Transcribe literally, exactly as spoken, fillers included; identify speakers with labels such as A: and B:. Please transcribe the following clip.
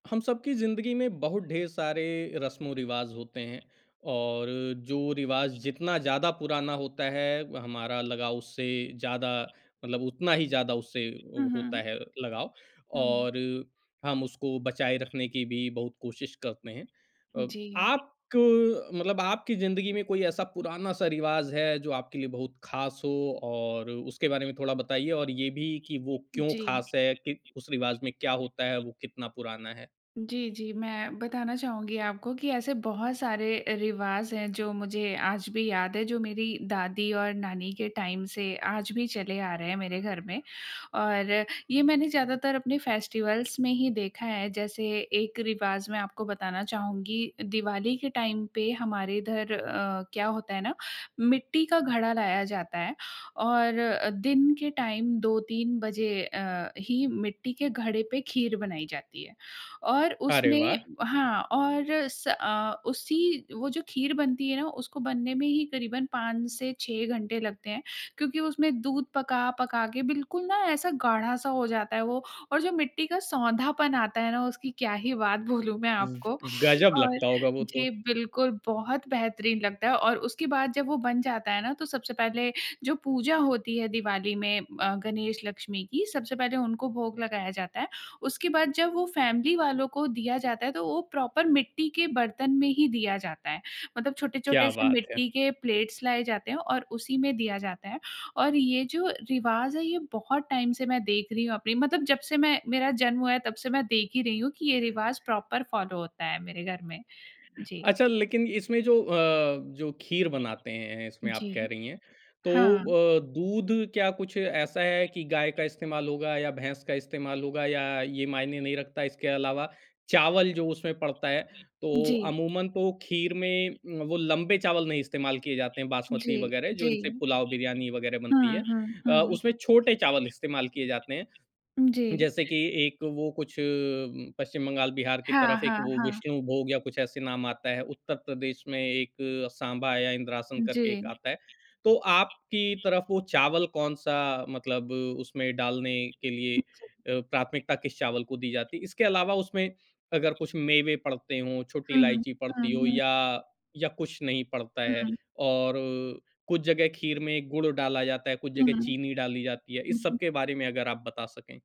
A: हम सब की ज़िंदगी में बहुत ढेर सारे रस्मों-रिवाज़ होते हैं और जो रिवाज़ जितना ज़्यादा पुराना होता है, हमारा लगाव उससे ज़्यादा मतलब उतना ही ज़्यादा उससे उ
B: हुँ,
A: होता
B: हुँ।
A: है लगाव और
B: हुँ।
A: हम उसको बचाए रखने की भी बहुत कोशिश करते हैं। अ,
B: जी।
A: आप क मतलब आपकी ज़िंदगी में कोई ऐसा पुराना-सा रिवाज़ है, जो आपके लिए बहुत खास हो और उसके बारे में थोड़ा बताइए और ये भी कि वो क्यों
B: जी।
A: खास है कि उस रिवाज़ में क्या होता है, वो कितना पुराना है?
B: जी, जी, मैं बताना चाहूँगी आपको कि ऐसे बहुत सारे रिवाज़ हैं, जो मुझे आज भी याद हैं, जो मेरी दादी और नानी के टाइम से आज भी चले आ रहे हैं मेरे घर में। और ये मैंने ज़्यादातर अपने फेस्टिवल्स में ही देखा है, जैसे एक रिवाज़ मैं आपको बताना चाहूँगी, दिवाली के टाइम पे हमारे इधर अ, क्या होता है ना, मिट्टी का घड़ा लाया जाता है और दिन के टाइम दो तीन बजे अ, ही मिट्टी के घड़े पे खीर बनाई जाती है। और
A: अरे,
B: उसमें
A: वाह!
B: हाँ और स अ, उसी वो जो खीर बनती है ना उसको बनने में ही करीबन पाँच से छह घंटे लगते हैं, क्योंकि उसमें दूध पका-पका के बिल्कुल ना ऐसा गाढ़ा-सा हो जाता है वो, और जो मिट्टी का सोंधापन आता है ना उसकी क्या ही बात बोलूँ मैं आपको।
A: गजब
B: और
A: लगता होगा वो तो।
B: जी, बिल्कुल बहुत बेहतरीन लगता है और उसके बाद जब वो बन जाता है ना तो सबसे पहले जो पूजा होती है दिवाली में अ, गणेश-लक्ष्मी की, सबसे पहले उनको भोग लगाया जाता है। उसके बाद जब वो फैमिली वालों को दिया जाता है, तो वो प्रॉपर मिट्टी के बर्तन में ही दिया जाता है, मतलब छोटे-छोटे
A: क्या
B: से
A: बात है!
B: मिट्टी के प्लेट्स लाए जाते हैं और उसी में दिया जाता है। और ये जो रिवाज़ है ये बहुत टाइम से मैं देख रही हूँ अपनी मतलब जबसे मैं मेरा जन्म हुआ है तब से मैं देख ही रही हूँ कि ये रिवाज़ प्रॉपर फॉलो होता है मेरे घर में। जी।
A: अच्छा, लेकिन इसमें जो अ, जो खीर बनाते हैं इसमें आप
B: जी।
A: कह रही हैं तो
B: हाँ।
A: अ, दूध क्या कुछ ऐसा है कि गाय का इस्तेमाल होगा या भैंस का इस्तेमाल होगा या ये मायने नहीं रखता? इसके अलावा चावल जो उसमें पड़ता है, तो
B: जी।
A: अमूमन तो खीर में उम, वो लंबे चावल नहीं इस्तेमाल किए जाते हैं, बासमती
B: जी,
A: वगैरह जो
B: जी।
A: इनसे पुलाव, बिरयानी वगैरह
B: हुँ,
A: बनती है
B: हुँ,
A: अ, उसमें
B: हुँ।
A: छोटे चावल इस्तेमाल किए जाते हैं।
B: जी।
A: जैसे कि एक वो कुछ उम, पश्चिम बंगाल, बिहार की
B: हाँ,
A: तरफ एक
B: हाँ,
A: वो
B: हाँ।
A: विष्णुभोग या कुछ ऐसे नाम आता है, उत्तर प्रदेश में एक सांबा या इंद्रासन
B: जी।
A: करके एक आता है, तो आपकी तरफ वो चावल कौन-सा मतलब उसमें डालने के लिए अ, प्राथमिकता किस चावल को दी जाती है? इसके अलावा उसमें अगर कुछ मेवे पड़ते हों, छोटी
B: हुँ, हुँ,
A: इलायची पड़ती हो
B: हुँ, हुँ।
A: या, या कुछ नहीं पड़ता है
B: हुँ।
A: और कुछ जगह खीर में गुड़ डाला जाता है, कुछ
B: हुँ।
A: जगह चीनी डाली जाती है,
B: हुँ,
A: इस सब
B: हुँ।
A: के बारे में अगर आप बता सकें?